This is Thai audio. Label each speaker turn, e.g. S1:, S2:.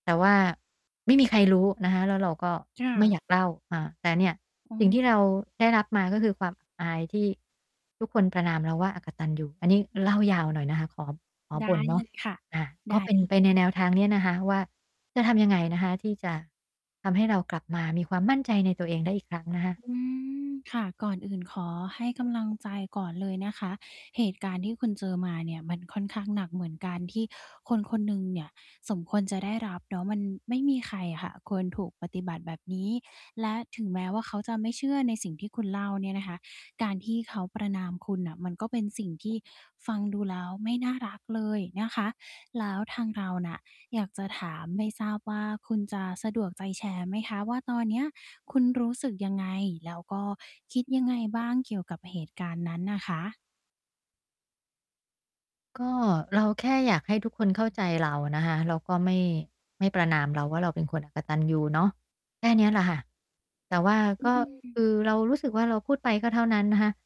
S1: แต่ว่าไม่มีใครรู้นะคะ แล้วเราก็
S2: ค่
S1: ไม่
S2: ะ
S1: อยากเล่า อา แต่เนี่ย
S2: อ๋
S1: สิ่งที่เรา
S2: อ
S1: ได้รับมา ก็คือความ อับ อาย ที่ทุกคนประณามเราว่า อกตัญญู อันนี้เล่ายาวหน่อยนะคะ ขอ ขอ
S2: ได้
S1: บ่นเน
S2: เ
S1: า
S2: ล
S1: ะ
S2: ย ค่ะ
S1: อา
S2: ได
S1: ก
S2: ้
S1: ็เป็น
S2: เล
S1: ไปใ
S2: ย
S1: นแนวทางเนี้ยนะคะว่า จะทำยังไงนะคะ? ที่จะทำให้เรากลับมามีความมั่นใจในตัวเองได้อีกครั้งนะคะ
S2: อืม ค่ะ ก่อนอื่นขอให้กำลังใจก่อนเลยนะคะ เหตุการณ์ที่คุณเจอมาเนี่ยมันค่อนข้างหนักเหมือนกัน ที่คนคนหนึ่งเนี่ยสมควรจะได้รับเนาะ มันไม่มีใครอะค่ะควรถูกปฏิบัติแบบนี้ และถึงแม้ว่า เขาจะไม่เชื่อในสิ่งที่คุณเล่าเนี่ยนะคะ การที่เขาประณามคุณน่ะ มันก็เป็นสิ่งที่ฟังดูแล้วไม่น่ารักเลยนะคะ แล้วทางเราน่ะอยากจะถาม ไม่ทราบว่า คุณจะสะดวกใจแชร์ไหมคะ? ว่า ตอนเนี้ย คุณรู้สึกยังไง? แล้วก็คิดยังไงบ้างเกี่ยวกับเหตุการณ์นั้นน่ะคะ?
S1: ก็ เราแค่อยากให้ทุกคนเข้าใจเรานะคะ เราก็ไม่ ไม่ประณามเราว่า เราเป็นคนอกตัญญูเนาะ แค่เนี้ยแหละค่ะ แต่ว่า
S2: อื
S1: ก็
S2: ม
S1: คือเรารู้สึกว่า เราพูดไปก็เท่านั้นนะคะ